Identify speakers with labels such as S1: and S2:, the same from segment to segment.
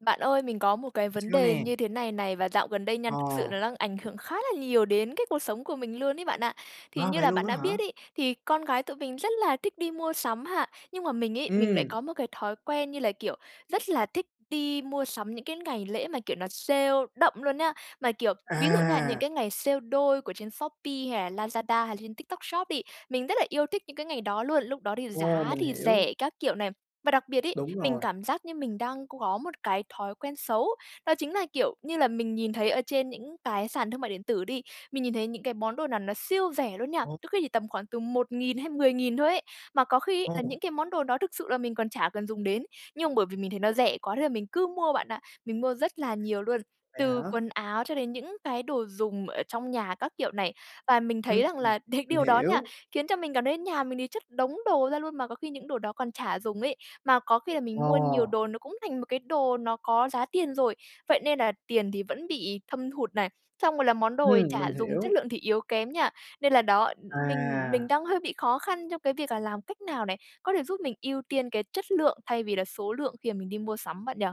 S1: Bạn ơi, mình có một cái vấn
S2: Sao
S1: đề
S2: nè?
S1: như thế này này, và dạo gần đây nha thực sự
S2: Ờ.
S1: nó đang ảnh hưởng khá là nhiều đến cái cuộc sống của mình luôn ấy bạn ạ. Thì
S2: Wow!
S1: như
S2: Vậy
S1: là
S2: luôn
S1: bạn
S2: á
S1: đã
S2: hả?
S1: biết ấy, thì con gái tụi mình rất là thích đi mua sắm ha, nhưng mà mình ấy, mình lại
S2: Ừm.
S1: có một cái thói quen như là, kiểu, rất là thích đi mua sắm những cái ngày lễ mà, kiểu, nó sale đậm luôn nhá. Mà, kiểu, ví dụ nha, những
S2: À!
S1: cái ngày sale đôi của trên Shopee hay là Lazada hay là trên TikTok Shop đi, mình rất là yêu thích những cái ngày đó luôn, lúc đó thì
S2: Ồ,
S1: giá
S2: mình
S1: thì
S2: hiểu.
S1: rẻ các kiểu này. Và đặc biệt ấy,
S2: Đúng
S1: mình
S2: rồi.
S1: cảm giác như mình đang c có một cái thói quen xấu, đó chính là, kiểu như là, mình nhìn thấy ở trên những cái sàn thương mại điện tử đi, mình nhìn thấy những cái món đồ nào nó siêu rẻ luôn nha,
S2: Ồ
S1: đôi khi thì tầm khoảng từ 1.000 hay 10.000 thôi ấy, mà có khi ấy là
S2: Ồ!
S1: những cái món đồ đó thực sự là mình còn chả cần dùng đến, nhưng mà bởi vì mình thấy nó rẻ quá nên là mình cứ mua bạn ạ. Mình mua rất là nhiều luôn,
S2: Vậy hả?
S1: từ quần áo cho đến những cái đồ dùng ở trong nhà các kiểu này, và mình thấy
S2: Ừm,
S1: rằng là đ
S2: mình
S1: điều đó nha,
S2: hiểu.
S1: khiến cho mình cảm thấy nhà mình thì chất đống đồ ra luôn mà có khi những đồ đó còn chả dùng ấy. Mà có khi là
S2: Ờ.
S1: mình mua nhiều đồ nó cũng thành một cái đồ nó có giá tiền rồi, vậy nên là tiền thì vẫn bị thâm hụt này, xong rồi là món đồ thì
S2: Ừm,
S1: chả
S2: mình
S1: dùng, chất
S2: hiểu.
S1: lượng thì yếu kém nha, nên là, đó, mình mình
S2: À.
S1: đang hơi bị khó khăn trong cái việc là làm cách nào này, có thể giúp mình ưu tiên cái chất lượng thay vì là số lượng khi mà mình đi mua sắm bạn nhỉ?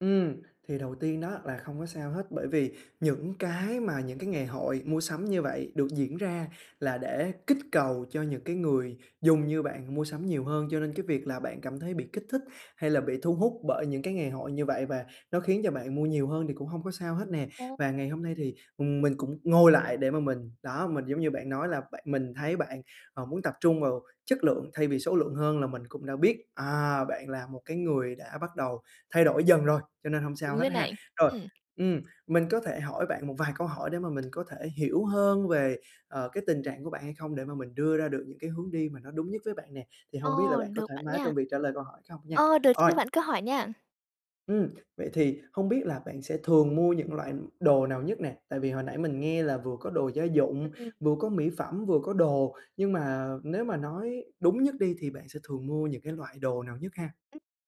S2: Ừm, thì đầu tiên đó là không có sao hết bởi vì những cái mà những cái ngày hội mua sắm như vậy được diễn ra là để kích cầu cho những cái người dùng như bạn mua sắm nhiều hơn, cho nên cái việc là bạn cảm thấy bị kích thích hay là bị thu hút bởi những cái ngày hội như vậy và nó khiến cho bạn mua nhiều hơn thì cũng hông có sao hết nè.
S1: Ừ.
S2: Và ngày hôm nay thì, ừm, mình cũng ngồi lại để mà mình đó, mình giống như bạn nói là bạn mình thấy bạn, ờ, muốn tập trung vào chất lượng thay vì số lượng hơn là mình cũng đã biết, à, bạn là một cái người đã bắt đầu thay đổi dần rồi, cho nên hông sao
S1: Đúng
S2: hết
S1: rồi
S2: ha.
S1: này.
S2: Rồi,
S1: Ừm.
S2: ừm, mình có thể hỏi bạn một vài câu hỏi để mà mình có thể hiểu hơn về ờ cái tình trạng của bạn hay không? Để mà mình đưa ra được những cái hướng đi mà nó đúng nhất với bạn nè, thì hông biết là
S1: Ồ,
S2: bạn có
S1: được
S2: thoải
S1: bạn
S2: mái
S1: nha.
S2: trong việc trả lời câu hỏi không nha?
S1: Ờ, được chứ,
S2: Ôi.
S1: bạn cứ hỏi nha!
S2: Ừm, vậy thì không biết là bạn sẽ thường mua những loại đồ nào nhất nè? Tại vì hồi nãy mình nghe là vừa có đồ gia dụng,
S1: Ừm.
S2: vừa có mỹ phẩm, vừa có đồ, nhưng mà nếu mà nói đúng nhất đi thì bạn sẽ thường mua những cái loại đồ nào nhất ha?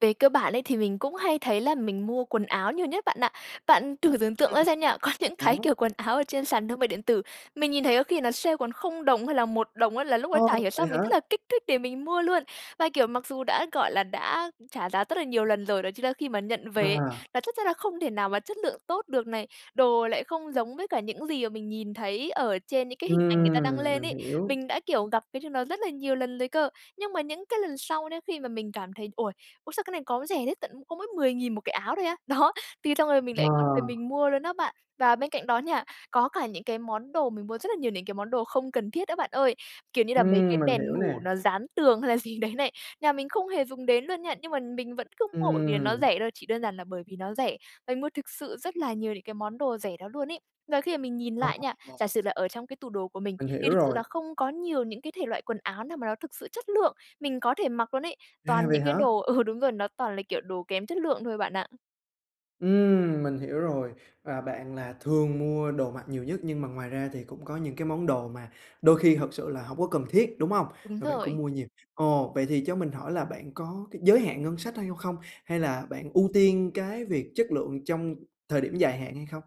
S1: Về cơ bản ấy, thì mình cũng hay thấy là mình mua quần áo nhiều nhất bạn ạ. Bạn thử tưởng tượng
S2: Ừm.
S1: ra xem nha, có những cái
S2: Áo.
S1: kiểu quần áo ở trên sàn thương mại điện tử, mình nhìn thấy có khi nó sale còn 0 đồng hay là 1 đồng á là lúc đó
S2: Ô,
S1: chả hiểu
S2: vậy
S1: sao
S2: hả?
S1: mình rất là kích thích để mình mua luôn. Và, kiểu, mặc dù đã, gọi là, đã trả giá rất là nhiều lần rồi, đó chính là khi mà nhận về,
S2: À.
S1: là chắc chắn là không thể nào mà chất lượng tốt được này, đồ lại không giống với cả những gì mà mình nhìn thấy ở trên những cái hình ảnh người ta đăng
S2: Ừm,
S1: lên
S2: mình
S1: ấy.
S2: hiểu.
S1: Mình đã, kiểu, gặp cái điều nó rất là nhiều lần rồi cơ, nhưng mà những cái lần sau đấy khi mà mình cảm thấy, ôi, ui, sao cái này có rẻ thế, tận có mỗi 10 nghìn một cái áo thôi á. Đó, thì xong rồi mình
S2: Ờ.
S1: lại cắt về mình mua luôn á bạn. Và bên cạnh đó nha, có cả những cái món đồ mình mua rất là nhiều này, cái món đồ không cần thiết đó bạn ơi, kiểu như là mấy
S2: Ừm,
S1: cái
S2: mình
S1: đèn
S2: hiểu
S1: ngủ
S2: nè.
S1: nó dán tường hay là gì đấy này, nhà mình không hề dùng đến luôn nha, nhưng mà mình vẫn cứ mua bởi vì là nó
S2: Ừm.
S1: rẻ thôi, chỉ đơn giản là bởi vì nó rẻ, mà mình mua thực sự rất là nhiều những cái món đồ rẻ đó luôn ấy. Và khi mà mình nhìn lại nha, giả
S2: [unintelligible]
S1: sử là ở trong cái tủ đồ của mình,
S2: Mình hiểu
S1: thì thực sự
S2: rồi.
S1: là không có nhiều những cái thể loại quần áo nào mà nó thực sự chất lượng mình có thể mặc luôn ấy,
S2: À,
S1: toàn
S2: vậy
S1: những cái
S2: hả?
S1: đồ ừ, đúng rồi, nó toàn là, kiểu, đồ kém chất lượng thôi bạn ạ.
S2: Ừm, mình hiểu rồi. Và bạn là thường mua đồ mặc nhiều nhất, nhưng mà ngoài ra thì cũng có những cái món đồ mà đôi khi thực sự là hổng có cần thiết, đúng hông?
S1: Đúng
S2: Mà bạn cũng
S1: rồi.
S2: mua nhiều. Ồ! Vậy thì cho mình hỏi là bạn có cái giới hạn ngân sách tha vô không? Hay là bạn ưu tiên cái việc chất lượng trong thời điểm dài hạn hay không?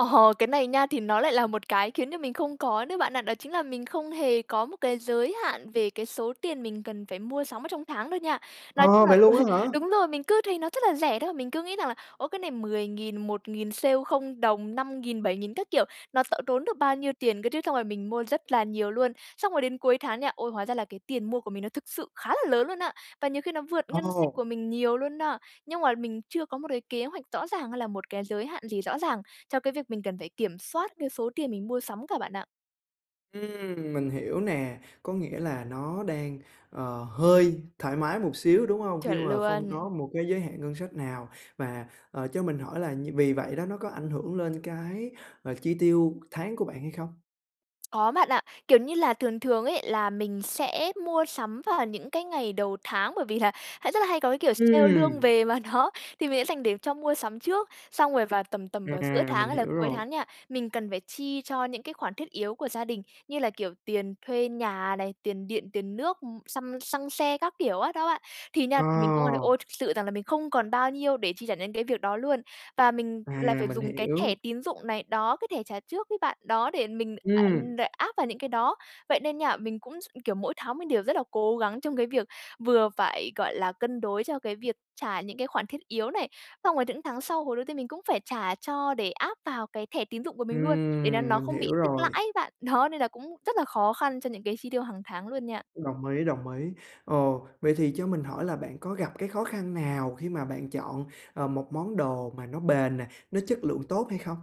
S1: Ờ, cái này nha, thì nó lại là một cái khiến cho mình không có nữa bạn ạ. Đó chính là mình không hề có một cái giới hạn về cái số tiền mình cần phải mua sắm ở trong tháng đâu nha. Nói chung
S2: Ờ!
S1: là
S2: Vậy
S1: ừ,
S2: luôn á hả?
S1: đúng rồi, mình cứ thấy nó rất là rẻ đó. Mình cứ nghĩ rằng là, ô, cái này 10,000, 1,000, sale 0 đồng, 5,000, 7,000 các kiểu. Nó t tốn được bao nhiêu tiền cơ trứ? Xong rồi mình mua rất là nhiều luôn. Xong rồi đến cuối tháng nha, ôi, hóa ra là cái tiền mua của mình nó thực sự khá là lớn luôn á. Và nhiều khi nó vượt ngân sách
S2: Ồ!
S1: của mình nhiều luôn na. Nhưng mà mình chưa có một đái kế hoạch rõ ràng hay là một cái giới hạn gì rõ ràng, cho cái việc mình cần phải kiểm soát cái số tiền mình mua sắm cả bạn ạ.
S2: Ừm. mình hiểu nè. Có nghĩa là nó đang, ờ, hơi thoải mái một xíu, đúng hông? Khi
S1: Chuẩn
S2: mà không
S1: luôn.
S2: có một cái giới hạn ngân sách nào, và, ờ, cho mình hỏi là như vì vậy đó nó có ảnh hưởng lên cái, ờ, chi tiêu tháng của bạn hay không?
S1: Có bạn ạ, kiểu như là, thường thường ấy là mình sẽ mua sắm vào những cái ngày đầu tháng, bởi vì là hãy rất là hay có, cái kiểu, sale lương
S2: Ừm.
S1: về mà nó thì mình sẽ dành để cho mua sắm trước. Xong rồi vào tầm tầm vào giữa
S2: À,
S1: tháng
S2: mình
S1: hay là
S2: hiểu
S1: cuối
S2: rồi.
S1: tháng nha, mình cần phải chi cho những cái khoản thiết yếu của gia đình như là, kiểu, tiền thuê nhà này, tiền điện, tiền nước, ưm, xăm xăng xe các kiểu á đó bạn. Thì nha thì mình cũng, ơ, đ
S2: Ờ.
S1: ôi thực sự rằng là mình không còn bao nhiêu để chi trả những cái việc đó luôn, và mình
S2: À,
S1: lại phải
S2: mình
S1: dùng cái thẻ
S2: hiểu.
S1: tín dụng này, đó, cái thẻ trả trước ấy bạn, đó, để mình, a
S2: Ừm.
S1: đ áp vào những cái đó. Vậy nên nha, mình cũng s kiểu, mỗi tháng mình đều rất là cố gắng trong cái việc vừa phải, gọi là, cân đối cho cái việc trả những cái khoản thiết yếu này, xong rồi những tháng sau hồi đầu tiên mình cũng phải trả cho để áp vào cái thẻ tín dụng của mình luôn, để nó
S2: Ừm,
S1: nó
S2: mình
S1: không bị
S2: hiểu
S1: tích lãi
S2: rồi.
S1: ấy bạn, đó, nên là cũng rất là khó khăn cho những cái chi tiêu hằng tháng luôn nha.
S2: Đồng ý, đồng ý. Ồ, vậy thì cho mình hỏi là bạn có gặp cái khó khăn nào khi mà bạn chọn, ờ, một món đồ mà nó bền nè, nó chất lượng tốt hay không?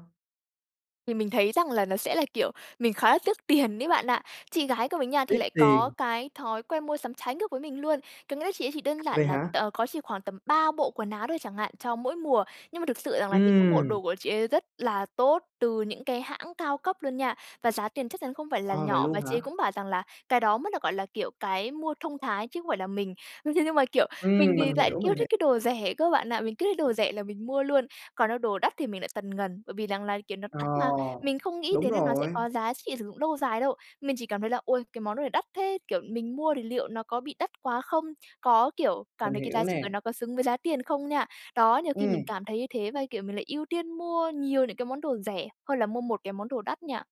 S1: Thì mình thấy rằng là nó sẽ là, kiểu, mình khá là tiếc tiền ấy bạn ạ. Chị gái của mình nha thì
S2: Tiếc
S1: lại có
S2: tiền.
S1: cái thói quen mua sắm trái ngược với mình luôn, có nghĩa là chị ấy chỉ đơn
S2: Vậy
S1: giản là t
S2: hả?
S1: có chỉ khoảng tầm 3 bộ quần áo thôi chẳng hạn, cho mỗi mùa, nhưng mà thực sự rằng là những cái bộ
S2: Ừm.
S1: đồ của chị ấy rất là tốt từ những cái hãng cao cấp luôn nha, và giá tiền chắc chắn không phải là
S2: Ờ, vậy
S1: nhỏ.
S2: luôn
S1: Và chị ấy
S2: hả?
S1: cũng bảo rằng là cái đó mới được gọi là, kiểu, cái mua thông thái chứ không phải là mình. Ưm, thế nhưng mà, kiểu,
S2: Ừm,
S1: mình thì
S2: mình
S1: lại
S2: hiểu, mình
S1: yêu
S2: hiểu.
S1: thích cái đồ rẻ cơ bạn ạ, mình cứ thấy đồ rẻ là mình mua luôn, còn đâu đồ đắt thì mình lại tần ngần, bởi vì rằng là, kiểu, nó
S2: Ờ,
S1: đắt mà. Mình không nghĩ
S2: đúng
S1: đến là nó sẽ
S2: rồi.
S1: có giá trị sử dụng lâu dài đâu, mình chỉ cảm thấy là "Ôi, cái món đồ này đắt thế!", kiểu, mình mua thì liệu nó có bị đắt quá không, có, kiểu, cảm
S2: Mình
S1: thấy cái
S2: hiểu
S1: giá trị của
S2: nè.
S1: nó có xứng với giá tiền không nha. Đó, nhiều khi
S2: Ừm.
S1: mình cảm thấy như thế và, cái kiểu, mình lại ưu tiên mua nhiều những cái món đồ rẻ hơn là mua một cái món đồ đắt nha.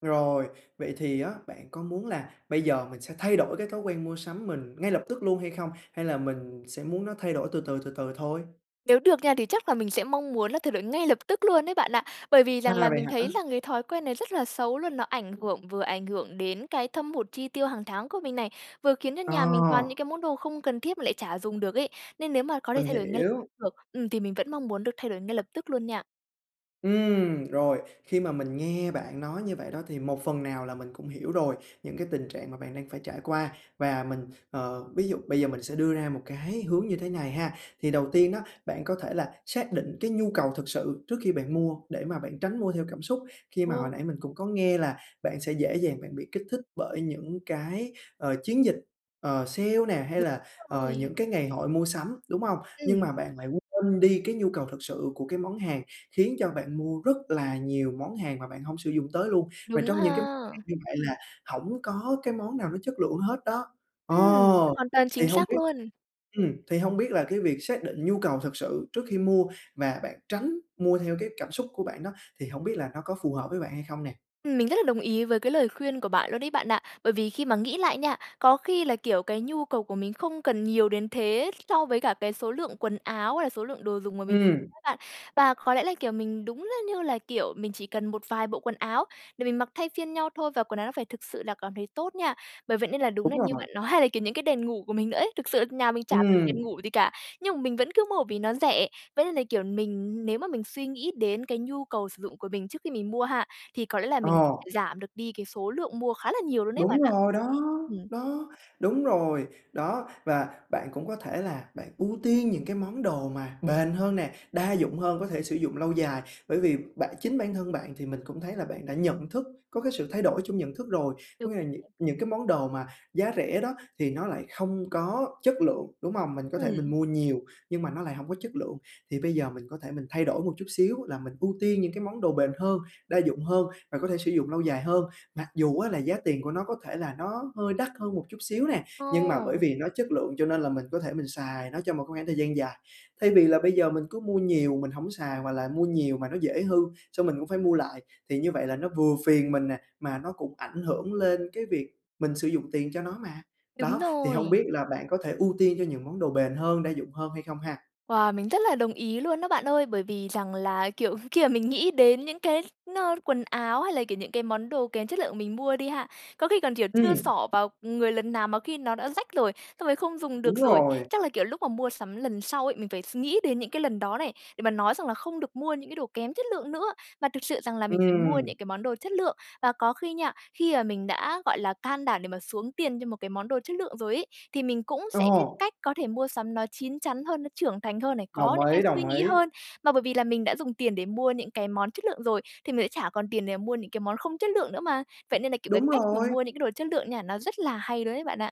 S2: Rồi, vậy thì á, bạn có muốn là bây giờ mình sẽ thay đổi cái thói quen mua sắm mình ngay lập tức luôn hay không, hay là mình sẽ muốn nó thay đổi từ từ, từ từ thôi?
S1: Nếu được nha, thì chắc là mình sẽ mong muốn là thay đổi ngay lập tức luôn đấy, bạn ạ. Bởi vì rằng
S2: À,
S1: là
S2: vậy
S1: mình
S2: hả?
S1: thấy là ngấy thói quen này rất là xấu luôn. Nó ảnh hưởng vừa ảnh hưởng đến cái thâm hụt chi tiêu hàng tháng của mình này, vừa khiến cho nhà mình toàn
S2: Ờ.
S1: những cái món đồ không cần thiết mà lại chả dùng được ấy. Nên nếu mà có thể
S2: Mình
S1: thay đổi ngay
S2: hiểu.
S1: được, ừm, thì mình vẫn mong muốn được thay đổi ngay lập tức luôn nha.
S2: Ừm, rồi, khi mà mình nghe bạn nói như vậy đó, thì một phần nào là mình cũng hiểu rồi những cái tình trạng mà bạn đang phải trải qua. Và mình, ờ, ví dụ bây giờ mình sẽ đưa ra một cái hướng như thế này ha. Thì đầu tiên đó, bạn có thể là xác định cái nhu cầu thực sự trước khi bạn mua, để mà bạn tránh mua theo cảm xúc. Khi mà hồi
S1: Ồ.
S2: nãy mình cũng có nghe là bạn sẽ dễ dàng bạn bị kích thích bởi những cái, ờ, chiến dịch, ờ, sale nè, hay
S1: [unintelligible]
S2: là, ờ,
S1: rồi.
S2: những cái ngày hội mua sắm, đúng hông? Nhưng
S1: Ừm.
S2: mà bạn lại quên đi cái nhu cầu thực sự của cái món hàng, khiến cho bạn mua rất là nhiều món hàng mà bạn hổng sử dụng tới luôn. Và
S1: Đúng
S2: trong những cái món
S1: ha.
S2: hàng như vậy là hổng có cái món nào nó chất lượng hết đó. Ờ,
S1: Ừm, hoàn toàn
S2: thì
S1: chính
S2: hông
S1: xác
S2: biết
S1: luôn.
S2: ừm, thì hông biết là cái việc xác định nhu cầu thực sự trước khi mua và bạn tránh mua theo cái cảm xúc của bạn đó, thì hổng biết là nó có phù hợp với bạn hay không nè?
S1: Ừm, mình rất là đồng ý với cái lời khuyên của bạn luôn đấy, bạn ạ. Bởi vì khi mà nghĩ lại nha, có khi là, kiểu, cái nhu cầu của mình không cần nhiều đến thế so với cả cái số lượng quần áo hay là số lượng đồ dùng mà mình
S2: Ừm.
S1: á bạn. Và có lẽ là, kiểu, mình đúng là như là, kiểu, mình chỉ cần một vài bộ quần áo để mình mặc thay phiên nhau thôi, và quần áo nó phải thực sự là cảm thấy tốt nha. Bởi vậy nên là đúng
S2: Đúng
S1: là như
S2: rồi.
S1: bạn nói hay là, kiểu, những cái đèn ngủ của mình nữa ấy, thực sự nhà mình chả cần
S2: Ừm.
S1: đèn ngủ gì cả, nhưng mà mình vẫn cứ mua vì nó rẻ. Vậy nên là, kiểu, mình nếu mà mình suy nghĩ đến cái nhu cầu sử dụng của mình trước khi mình mua ha, thì có lẽ là mình có
S2: Ờ.
S1: thể giảm được đi cái số lượng mua khá là nhiều luôn ấy, bạn
S2: Đúng
S1: ạ.
S2: rồi đó,
S1: Ừm.
S2: đó, đúng rồi, đó. Và bạn cũng có thể là bạn ưu tiên những cái món đồ mà bền hơn nè, đa dụng hơn, có thể sử dụng lâu dài. Bởi vì bạn chính bản thân bạn thì mình cũng thấy là bạn đã nhận thức, có cái sự thay đổi trong nhận thức rồi.
S1: Đúng.
S2: Có nghĩa là những
S1: [unintelligible]
S2: những cái món đồ mà giá rẻ đó thì nó lại không có chất lượng, đúng hông? Mình có thể mình
S1: Ừm.
S2: mua nhiều nhưng mà nó lại hổng có chất lượng. Thì bây giờ mình có thể mình thay đổi một chút xíu là mình ưu tiên những cái món đồ bền hơn, đa dụng hơn và có thể sử dụng lâu dài hơn, mặc dù á, là giá tiền của nó có thể là nó hơi đắt hơn một chút xíu nè, nhưng mà bởi
S1: Ồ.
S2: vì nó chất lượng cho nên là mình có thể mình xài nó trong một khoảng thời gian dài. Thay vì là bây giờ mình cứ mua nhiều mình hổng xài hoặc là mua nhiều mà nó dễ hư, xong mình cũng phải mua lại thì như vậy là nó vừa phiền mình nè, mà nó cũng ảnh hưởng lên cái việc mình sử dụng tiền cho nó mà
S1: Đúng
S2: đó. Thì hông
S1: rồi.
S2: biết là bạn có thể ưu tiên cho những món đồ bền hơn, đa dụng hơn hay không ha?
S1: Wow, mình rất là đồng ý luôn đó, bạn ơi. Bởi vì rằng là, kiểu, khi mà mình nghĩ đến những cái nó quần áo hay là, kiểu, những cái món đồ kém chất lượng mình mua đi ha, có khi còn, kiểu, chưa
S2: Ừm.
S1: xỏ vào người lần nào mà khi nó đã rách rồi, xong rồi không dùng được
S2: Đúng
S1: rồi.
S2: rồi.
S1: Chắc là, kiểu, lúc mà mua sắm lần sau ấy, mình phải s nghĩ đến những cái lần đó này, để mà nói rằng là không được mua những cái đồ kém chất lượng nữa mà thực sự rằng là mình phải mua
S2: Ừm.
S1: những cái món đồ chất lượng. Và có khi nha, khi mà mình đã, gọi là, can đảm để mà xuống tiền cho một cái món đồ chất lượng rồi ấy, thì mình cũng sẽ biết
S2: Ờ.
S1: cách có thể mua sắm nó chín chắn hơn, nó trưởng thành hơn này, có
S2: Đồng
S1: những cái
S2: ý,
S1: suy
S2: đồng
S1: nghĩ
S2: ý.
S1: hơn. Mà bởi vì là mình đã dùng tiền để mua những cái món chất lượng rồi thì mình sẽ chả còn tiền để mua những cái món không chất lượng nữa mà. Vậy nên là, kiểu, cái
S2: Đúng
S1: cách mà
S2: rồi.
S1: mua những cái đồ chất lượng nha, nó rất là hay luôn đấy, bạn ạ.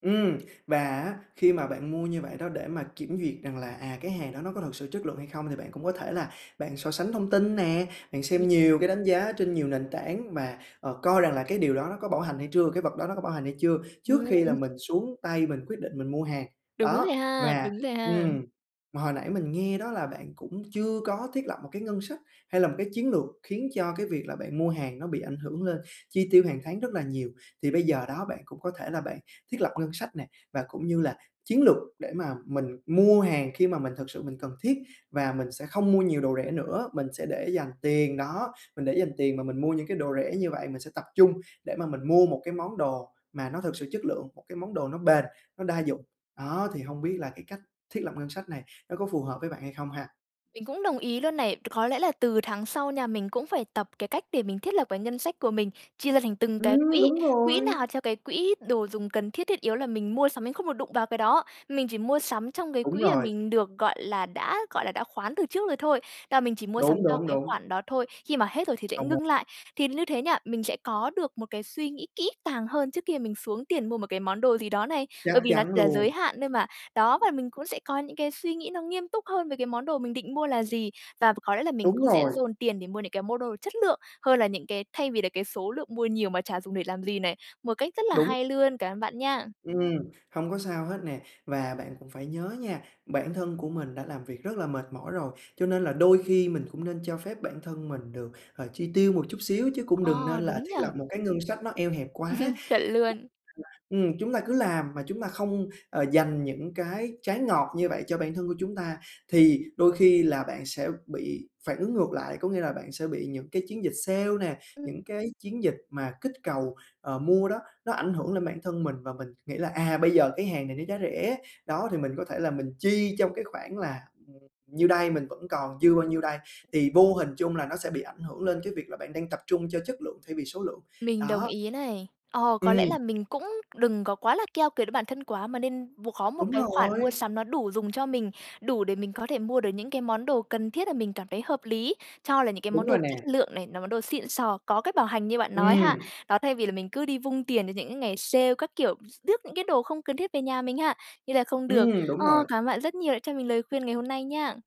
S2: Ừm. Và á khi mà bạn mua như vậy đó để mà kiểm duyệt rằng à, à, cái hàng đó nó có thực sự chất lượng hay không, thì bạn cũng có thể là bạn so sánh thông tin nè, bạn
S1: [unintelligible]
S2: xem nhiều cái đánh giá trên nhiều nền tảng và, ờ, coi rằng là cái điều đó nó có bảo hành hay chưa, cái vật đó nó có bảo hành hay chưa, trước khi là
S1: Ừm.
S2: mình xuống tay mình quyết định mình mua hàng.
S1: Đúng
S2: Đó,
S1: rồi ha,
S2: và
S1: đúng rồi ha.
S2: ừm, hồi nãy mình nghe đó là bạn cũng chưa có thiết lập một cái ngân sách hay là một cái chiến lược khiến cho cái việc là bạn mua hàng nó bị ảnh hưởng lên chi tiêu hàng tháng rất là nhiều. Thì bây giờ đó, bạn cũng có thể là bạn thiết lập ngân sách nè và cũng như là chiến lược để mà mình mua hàng khi mà mình thực sự mình cần thiết, và mình sẽ không mua nhiều đồ rẻ nữa. Mình sẽ để dành tiền đó, mình để dành tiền mà mình mua những cái đồ rẻ như vậy, mình sẽ tập trung để mà mình mua một cái món đồ mà nó thực sự chất lượng, một cái món đồ nó bền, nó đa dụng. Đó, thì hông biết là cái cách thiết lập ngân sách này nó có phù hợp với bạn hay không ha?
S1: Mình cũng đồng ý luôn này. C có lẽ là từ tháng sau nha, mình cũng phải tập cái cách để mình thiết lập cái ngân sách của mình: chia ra thành từng cái
S2: Ừm,
S1: quỹ,
S2: đúng
S1: quỹ
S2: rồi!
S1: nào cho cái quỹ đồ dùng cần thiết, thiết yếu là mình mua sắm mình không được đụng vào cái đó. Mình chỉ mua sắm trong cái
S2: Đúng
S1: quỹ mà
S2: rồi.
S1: mình được, gọi là, đã, gọi là, đã khoán từ trước rồi thôi, là mình chỉ mua
S2: Đúng,
S1: sắm cho
S2: đúng,
S1: cái
S2: đúng.
S1: khoản đó thôi, khi mà hết rồi thì sẽ
S2: Không mu
S1: ngưng lại. Thì như thế nha, mình sẽ có được một cái suy nghĩ kỹ càng hơn trước khi mà mình xuống tiền mua một cái món đồ gì đó này,
S2: Chắc
S1: bởi vì là,
S2: chắn
S1: à, giới
S2: luôn.
S1: hạn thôi mà. Đó, và mình cũng sẽ có những cái suy nghĩ nó nghiêm túc hơn với cái món đồ mình định mua là gì. Và ph có lẽ là mình
S2: Đúng
S1: cũng sẽ
S2: rồi!
S1: dồn tiền để mua những cái mua đồ chất lượng hơn là những cái thay vì là cái số lượng mua nhiều mà chả dùng để làm gì này, một cách rất là
S2: Đúng.
S1: hay luôn. Cảm ơn bạn nha!
S2: Ừm, hông có sao hết nè. Và bạn cũng phải nhớ nha, bản thân của mình đã làm việc rất là mệt mỏi rồi, cho nên là đôi khi mình cũng nên cho phép bản thân mình được, ờ, chi tiêu một chút xíu chứ cũng đừng nên
S1: Ờ,
S2: là
S1: đúng
S2: thiết
S1: nhỉ?
S2: lập một cái ngân sách nó eo hẹp quá. [unintelligible]
S1: Chuẩn luôn.
S2: Ừm, chúng ta cứ làm mà chúng ta không, ờ, dành những cái trái ngọt như vậy cho bản thân của chúng ta thì đôi khi là bạn sẽ bị phản ứng ngược lại. Có nghĩa là bạn sẽ bị những cái chiến dịch sale nè,
S1: Ừm.
S2: những cái chiến dịch mà kích cầu, ờ, mua đó, nó ảnh hưởng lên bản thân mình, và mình nghĩ là, à, bây giờ cái hàng này nó giá rẻ, đó, thì mình có thể là mình chi trong cái khoảng là, ừm, nhiêu đây, mình vẫn còn dư bao nhiêu đây, thì vô hình chung là nó sẽ bị ảnh hưởng lên cái việc là bạn đang tập trung cho chất lượng thay vì số lượng,
S1: Mình đồng
S2: đó.
S1: ý này. Ờ, có lẽ
S2: Ừm.
S1: là mình cũng đừng có quá là keo kiệt với bản thân quá mà nên buộc có một
S2: Đúng
S1: cái khoản mua
S2: rồi!
S1: sắm nó đủ dùng cho mình, đủ để mình có thể mua được những cái món đồ cần thiết mà là mình cảm thấy hợp lý, cho là những cái
S2: Đúng
S1: món đồ
S2: rồi nè.
S1: chất lượng này, là món đồ xịn sò, có cách bảo hành như bạn nói
S2: Ừm.
S1: ha. Đó, thay vì là mình cứ đi vung tiền cho những cái ngày sale các kiểu, rước những cái đồ không cần thiết về nhà mình ha, như là không được.
S2: Ừm, đúng
S1: Ờ,
S2: rồi.
S1: cảm ơn bạn rất nhiều đã cho mình lời khuyên ngày hôm nay nha!